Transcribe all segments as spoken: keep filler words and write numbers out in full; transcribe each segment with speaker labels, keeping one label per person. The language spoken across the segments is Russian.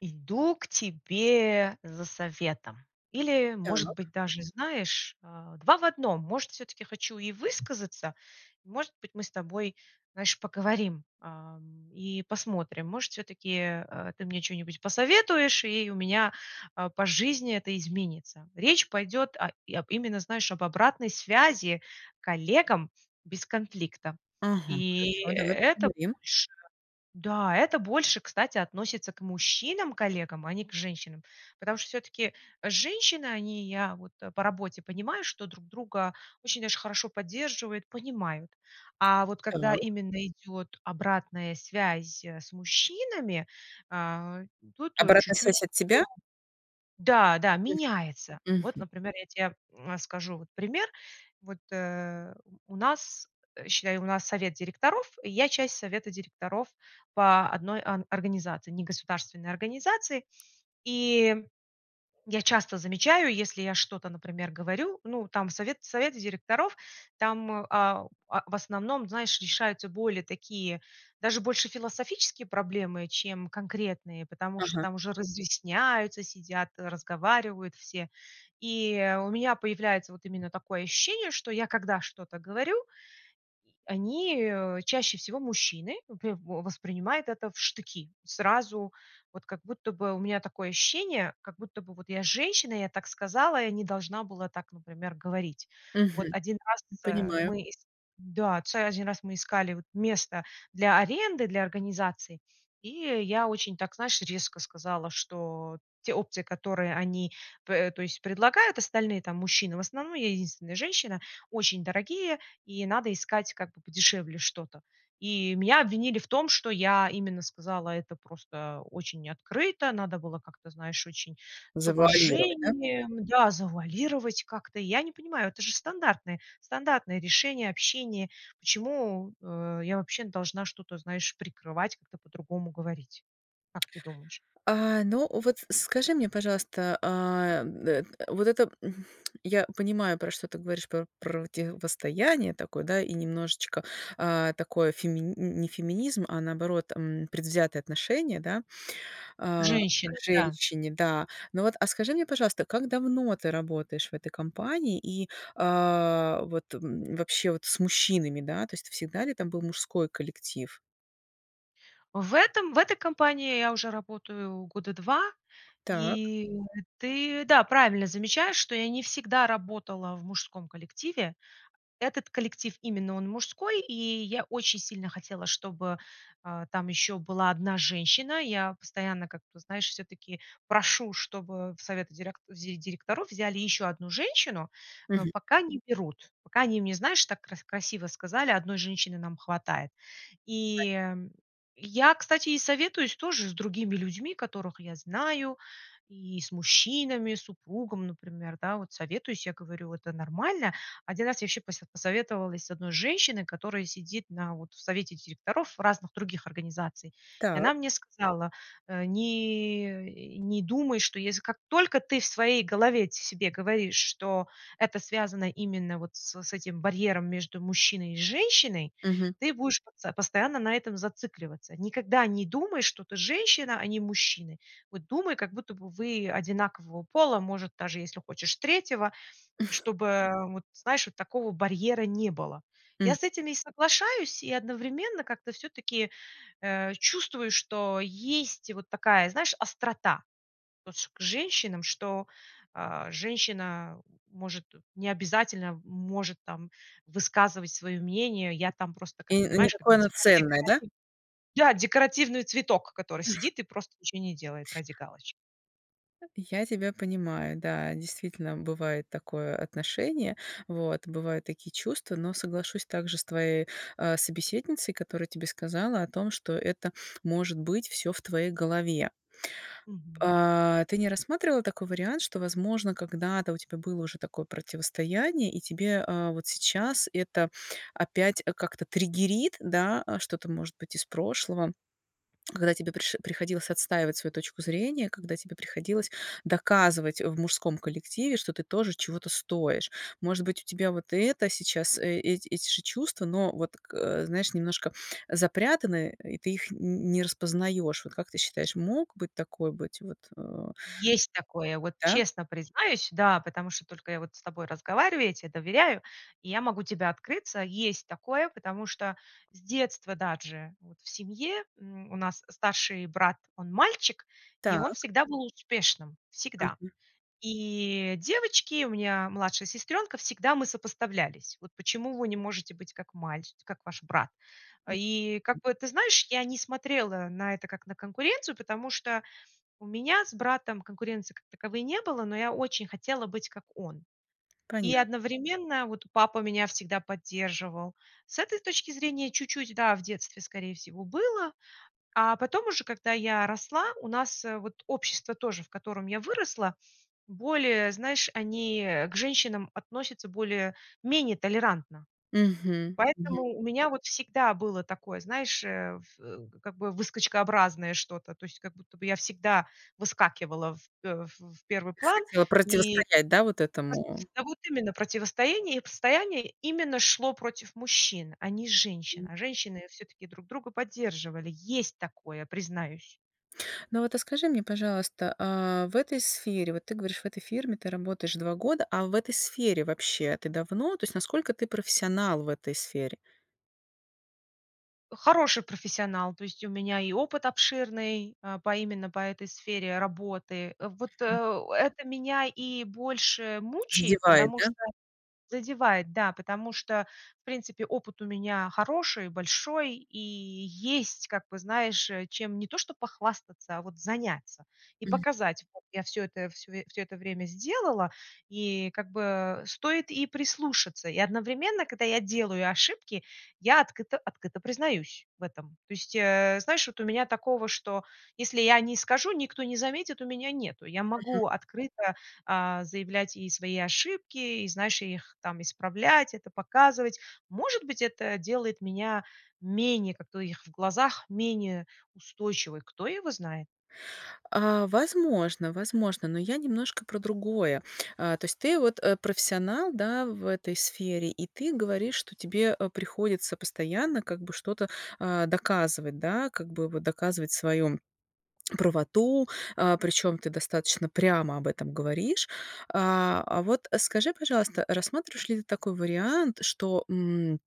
Speaker 1: Иду к тебе за советом. Или, может
Speaker 2: Так.
Speaker 1: быть, даже и знаешь, а, два в одном. Может, всё-таки хочу и высказаться, может быть, мы с тобой, знаешь, поговорим, а, м, и посмотрим. Может, всё-таки, э, ты мне чё-нибудь посоветуешь, и у меня, а, по жизни это изменится. Речь пойдёт о об именно, знаешь, об обратной связи коллегам без конфликта.
Speaker 2: Ага,
Speaker 1: И
Speaker 2: хорошо, давай
Speaker 1: это
Speaker 2: поговорим.
Speaker 1: больше да, это больше, кстати, относится к мужчинам-коллегам, а не к женщинам. Потому что всё-таки женщины, они, я вот по работе понимаю, что друг друга очень даже хорошо поддерживают, понимают. А вот когда
Speaker 2: Так.
Speaker 1: именно идёт обратная связь с мужчинами, а, тут, э,
Speaker 2: Обратная
Speaker 1: чуть-чуть, [unintelligible]
Speaker 2: связь от тебя?
Speaker 1: да, да,
Speaker 2: Мгм.
Speaker 1: меняется. Вот,
Speaker 2: Мгм.
Speaker 1: например, я те, э, скажу вот пример. Вот, э, у нас, считай, у нас совет директоров, и я часть совета директоров по одной о организации, негосударственной организации. И я часто замечаю, если я что-то, например, говорю, ну там в совет совете директоров, там, а, в в основном, знаешь, решаются более такие, даже больше философические проблемы, чем конкретные, потому что
Speaker 2: Ага.
Speaker 1: там уже разъясняются, сидят, разговаривают все. И у меня появляется вот именно такое ощущение, что я когда что-то говорю... они, э, чаще всего мужчины, вопре воспринимают это в штыки. Сразу, вот как будто бы у меня такое ощущение, как будто бы вот я женщина, я так сказала, я не должна была так, например, говорить. Вот
Speaker 2: Мгм.
Speaker 1: один раз раз, э,
Speaker 2: Понимаю.
Speaker 1: мы ис да, ц один раз раз мы искали место для аренды, для организации, и я очень так, знаешь, резко сказала, что те опции, которые они пе то есть предлагают остальные там мужчины, в основном, я единственная женщина, очень дорогие и надо искать как бы подешевле что-то. И меня обвинили в том, что я именно сказала это просто очень открыто, надо было как-то, знаешь, очень с
Speaker 2: Завуалировать, да?
Speaker 1: уважением, да, завуалировать как-то. И я не понимаю, это же стандартное стандартное решение, общение. Почему, э, я вообще должна что-то, знаешь, прикрывать, как-то по-другому говорить? Как ты думаешь?
Speaker 2: А, ну вот скажи мне, пожалуйста, а, м, т вот эта, м, я понимаю, про что ты говоришь, про противостояние такое, да, и немножечко, а, такое фемини не феминизм, а наоборот, м, предвзятое отношение, да,
Speaker 1: К
Speaker 2: а,
Speaker 1: женщинам,
Speaker 2: к
Speaker 1: да.
Speaker 2: женщине, да. Но вот, а, скажи мне, пожалуйста, как давно ты работаешь в этой компании и, а, вот, м, вообще вот с мужчинами, да, то есть всегда ли там был мужской коллектив?
Speaker 1: В этой в этой компании я уже работаю года два.
Speaker 2: Так.
Speaker 1: И ты, да, правильно замечаешь, что я не всегда работала в мужском коллективе. Этот коллектив, именно он, мужской, и я очень сильно хотела, чтобы, а, там еще была одна женщина. Я постоянно как-то, знаешь, все-таки прошу, чтобы в советы дерек директоров взяли еще одну женщину, но
Speaker 2: Мгм.
Speaker 1: пока не берут. Пока они мне, знаешь, так кра красиво сказали: "одной женщины нам хватает". И,
Speaker 2: Понятно.
Speaker 1: э, я, кстати, и советуюсь тоже с другими людьми, которых я знаю, и с мужчинами, с супругом, например, да. Вот советуюсь, я говорю: "Это нормально?" Один раз я еще посе посоветовалась с одной женщиной, которая сидит на вот в совете директоров разных других организаций, и
Speaker 2: Так.
Speaker 1: она мне сказала: "Э, не не думай, что если как только ты в своей голове себе говоришь, что это связано именно вот с с этим барьером между мужчиной и женщиной,
Speaker 2: Мгм.
Speaker 1: ты будешь потсо постоянно на этом зацикливаться. Никогда не думай, что ты женщина, а они мужчины. Вот думай, как будто вы одинакового пола, может, даже если хочешь, третьего, чтобы, э, вот знаешь, вот такого барьера не было".
Speaker 2: М.
Speaker 1: Я с этим и соглашаюсь, и одновременно как-то все-таки, э, чувствую, что есть вот такая, знаешь, острота вот ск к женщинам, что, а, женщина может не обязательно может там высказывать свое мнение. Я там просто, как
Speaker 2: И не
Speaker 1: понимаешь, как
Speaker 2: такое
Speaker 1: деко
Speaker 2: оно ценное, да?
Speaker 1: декоративный да, декоративный цветок, который сидит и просто ничего не делает ради галочки.
Speaker 2: Я тебя понимаю, да, действительно, бывает такое отношение, вот, бывают такие чувства, но соглашусь также с твоей, э, собеседницей, которая тебе сказала о том, что это может быть всё в твоей голове.
Speaker 1: Мгм.
Speaker 2: А, ты не рассматривала такой вариант, что, возможно, когда-то у тебя было уже такое противостояние и тебе, э, вот сейчас это опять как-то триггерит, да, что-то, может быть, из прошлого, когда тебе приш приходилось отстаивать свою точку зрения, когда тебе приходилось доказывать, э, в мужском коллективе, что ты тоже чего-то стоишь? Может быть, у тебя вот это сейчас, э, эти эти же чувства, но вот, э, знаешь, немножко запрятаны, и ты их н не распознаешь. Вот как ты считаешь, мог быть такой быть вот, э
Speaker 1: Есть такое! Вот
Speaker 2: Да?
Speaker 1: честно признаюсь, да, потому что только я с тобой разговариваю, я те доверяю, и я могу тебя открыться. Есть такое, потому что с детства даже вот в семье, м, у нас старший брат, он мальчик, и он
Speaker 2: Так.
Speaker 1: всегда был успешным. Всегда.
Speaker 2: Мгм.
Speaker 1: И девочки, у меня младшая сестрёнка, всегда мы сопоставлялись. Вот почему вы не можете быть как маль как ваш брат?
Speaker 2: Мгм.
Speaker 1: И как бы, ты знаешь, я не смотрела на это как на конкуренцию, потому что у меня с братом конкуренции как таковой не было, но я очень хотела быть как он. И
Speaker 2: Понятно.
Speaker 1: одновременно вот папа меня всегда поддерживал. С этой точки зрения чуть-чуть, да, в детстве, скорее всего, было, а потом уже, когда я росла, у нас вот общество тоже, в котором я выросла, более, знаешь, они к женщинам относятся более-менее толерантно.
Speaker 2: Мгм,
Speaker 1: Поэтому
Speaker 2: мгм.
Speaker 1: у меня вот всегда было такое, знаешь, э, в как бы выскочкообразное что-то, то есть как будто бы я всегда выскакивала, в, э, в в первый
Speaker 2: Ты
Speaker 1: план.
Speaker 2: хотела
Speaker 1: И
Speaker 2: противостоять, да, вот
Speaker 1: по
Speaker 2: этому?
Speaker 1: сути, вот именно противостоение постояние именно шло против мужчин, а не женщин.
Speaker 2: М.
Speaker 1: А женщины всё-таки друг друга поддерживали. Есть такое, признаюсь!
Speaker 2: Но вот, а скажи мне, пожалуйста, а в этой сфере, вот ты говоришь, в этой фирме ты работаешь два года, а в этой сфере вообще ты давно, то есть насколько ты профессионал в этой сфере?
Speaker 1: Хороший профессионал, то есть у меня и опыт обширный, а, по именно по этой сфере работы. Вот,
Speaker 2: М.
Speaker 1: э это меня и больше мучает,
Speaker 2: Задевает,
Speaker 1: потому
Speaker 2: да?
Speaker 1: что Задевает, да, потому что, в принципе, опыт у меня хороший, большой, и есть как бы, знаешь, э, чем не то что похвастаться, а вот заняться и
Speaker 2: М.
Speaker 1: показать: вот я всё это всё всё это время сделала, и как бы стоит и прислушаться. И одновременно, когда я делаю ошибки, я открыто открыто признаюсь в этом. То есть, э, знаешь, вот у меня такого, что если я не скажу, никто не заметит, у меня нету. Я
Speaker 2: Мгм.
Speaker 1: могу открыто, а, заявлять и свои ошибки, и, знаешь, их там исправлять, это показывать. Может быть, это делает меня менее как-то у их в глазах менее устойчивой, кто его знает.
Speaker 2: А возможно, возможно, но я немножко про другое. А то есть ты вот, э, профессионал, да, в этой сфере, и ты говоришь, что тебе, э, приходится постоянно, как бы, что-то, а, доказывать, да, как бы доказывать вот свою правоту, а, причём ты достаточно прямо об этом говоришь. А, а вот скажи, пожалуйста, рассматриваешь ли ты такой вариант, что, м,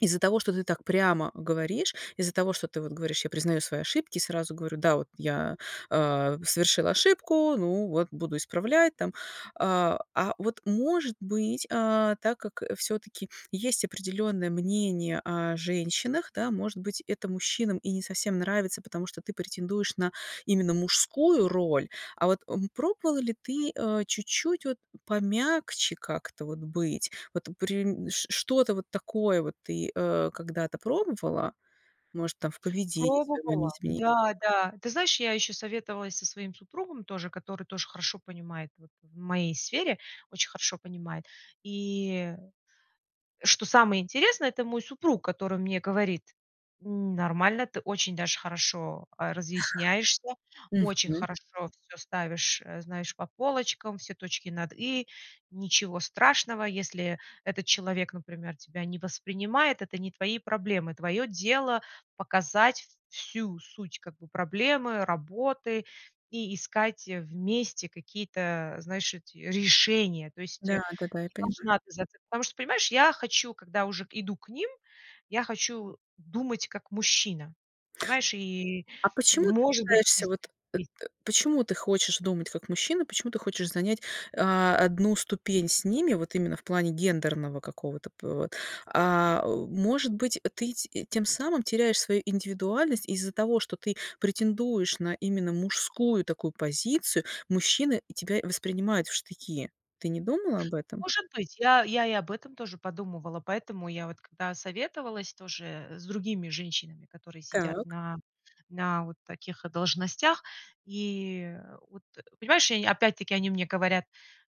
Speaker 2: из-за того, что ты так прямо говоришь, из-за того, что ты вот говоришь: "Я признаю свои ошибки и сразу говорю, да, вот я, э, совершила ошибку, ну вот буду исправлять там". А, а вот, может быть, а, так как всё-таки есть определённое мнение о женщинах, да, может быть, это мужчинам и не совсем нравится, потому что ты претендуешь на именно мужскую роль, а вот, м, пробовала ли ты, э, чуть-чуть вот помягче как-то вот быть? Вот при ш что-то вот такое вот ты, э, когда-то пробовала? Может, там в поведении своём
Speaker 1: Пробовала.
Speaker 2: изменить?
Speaker 1: Да-да. Ты знаешь, я ещё советовалась со своим супругом тоже, который тоже хорошо понимает вот в моей сфере, очень хорошо понимает. И что самое интересное, это мой супруг, который мне говорит: "Нормально, ты очень даже хорошо, а, разъясняешься,
Speaker 2: Мгм.
Speaker 1: очень хорошо всё ставишь, э, знаешь, по полочкам, все точки над и. Ничего страшного, если этот человек, например, тебя не воспринимает, это не твои проблемы. Твоё дело- показать всю суть, как бы, проблемы, работы и искать вместе какие-то, знаешь, эти решения". То есть, э,
Speaker 2: Да-да-да. Я понимаю.
Speaker 1: неважно. [unintelligible] Потому что, понимаешь, я хочу когда уже иду к ним, я хочу думать как мужчина. Понимаешь, и,
Speaker 2: А почему ты
Speaker 1: может быть,
Speaker 2: пытаешься
Speaker 1: здесь
Speaker 2: вот, э
Speaker 1: есть
Speaker 2: э, почему ты хочешь думать как мужчина, почему ты хочешь занять, а, одну ступень с ними, вот именно в плане гендерного какого-то пот А, может быть, ты т тем самым теряешь свою индивидуальность из-за того, что ты претендуешь на именно мужскую такую позицию, мужчины и тебя воспринимают в штыки. Ты не думала об этом?
Speaker 1: Может быть. Я я я и об этом тоже подумывала. Поэтому я вот когда советовалась тоже с другими женщинами, которые сидят
Speaker 2: Так.
Speaker 1: на на вот таких должностях. И вот, понимаешь, они мне опять-таки говорят: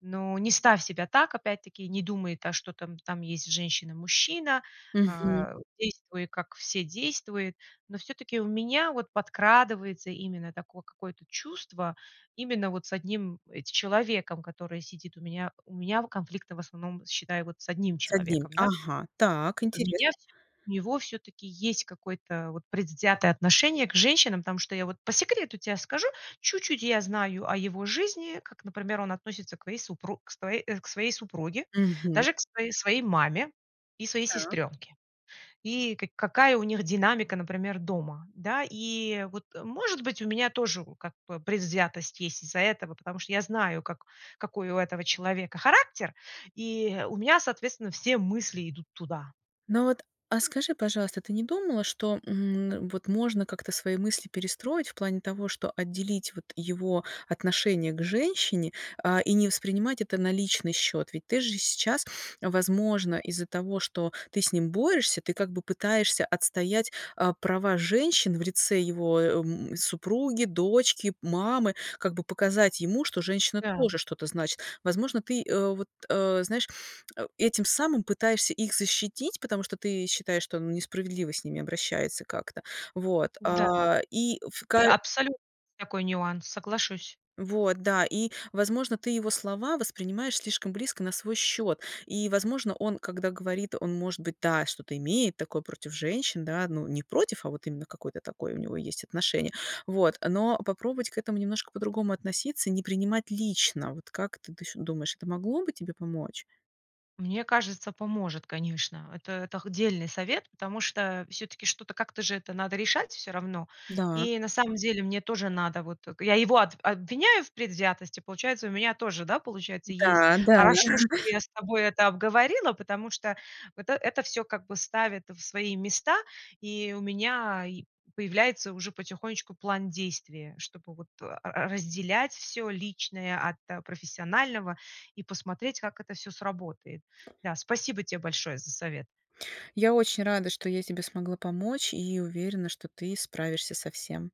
Speaker 1: "Ну, не ставь себя так, опять-таки не думай, да, что там там есть женщина-мужчина,
Speaker 2: Мгм.
Speaker 1: а, действуй, как все действуют". Но всё-таки у меня вот подкрадывается именно такое какое-то чувство, именно вот с одним эт человеком, который сидит у меня. У меня конфликты в основном, считай, вот с одним
Speaker 2: С одним.
Speaker 1: человеком, да.
Speaker 2: Ага, так
Speaker 1: У меня
Speaker 2: интересно.
Speaker 1: всё-таки, от него всё-таки есть какое-то вот предвзятое отношение к женщинам, потому что я вот по секрету те скажу, чуть-чуть я знаю о его жизни, как, например, он относится к вое супруг к свое э, к своей супруге,
Speaker 2: Мгм.
Speaker 1: даже к своей своей маме и своей
Speaker 2: Да.
Speaker 1: сестренке, и каки какая у них динамика, например, дома, да. И вот, э, может быть, у меня тоже, вот, как бы предвзятость есть из-за этого, потому что я знаю, как какой у этого человека характер, и у меня, соответственно, все мысли идут туда.
Speaker 2: Ну, вот, а скажи, пожалуйста, ты не думала, что, м, вот можно как-то свои мысли перестроить в плане того, что отделить вот его отношение к женщине, а, и не воспринимать это на личный счет. Ведь ты же сейчас, возможно, из-за того, что ты с ним борешься, ты как бы пытаешься отстоять, а, права женщин в лице его, а, м, супруги, дочки, мамы, как бы показать ему, что женщина
Speaker 1: Да.
Speaker 2: тоже что-то значит. Возможно, ты, э, вот, э, знаешь, э, этим самым пытаешься их защитить, потому что ты считаешь, что он несправедливо с ними обращается как-то. Вот,
Speaker 1: Да,
Speaker 2: а и в ка
Speaker 1: и абсолютно такой нюанс, соглашусь.
Speaker 2: Вот, да, и, возможно, ты его слова воспринимаешь слишком близко на свой счет, и, возможно, он, когда говорит, он, может быть, да, что-то имеет такое против женщин, да, ну, не против, а вот именно какое-то такое у него есть отношение, вот. Но попробовать к этому немножко по-другому относиться и не принимать лично. А вот как ты ты с думаешь, это могло бы тебе помочь?
Speaker 1: Мне кажется, поможет, конечно. Это это х дельный совет, потому что всё-таки что-то как-то же это надо решать всё равно.
Speaker 2: Да.
Speaker 1: И на самом деле мне тоже надо, вот. Я его об обвиняю в предвзятости, получается, и у меня тоже, да, получается, есть
Speaker 2: Да, да.
Speaker 1: Хорошо, что я с тобой это обговорила, потому что вот это это всё как бы ставит в свои места, и у меня и появляется уже потихонечку план действий, чтобы вот р разделять всё личное от профессионального и посмотреть, как это всё сработает. Да, спасибо те большое за совет!
Speaker 2: Я очень рада, что я тебе смогла помочь, и уверена, что ты справишься со всем.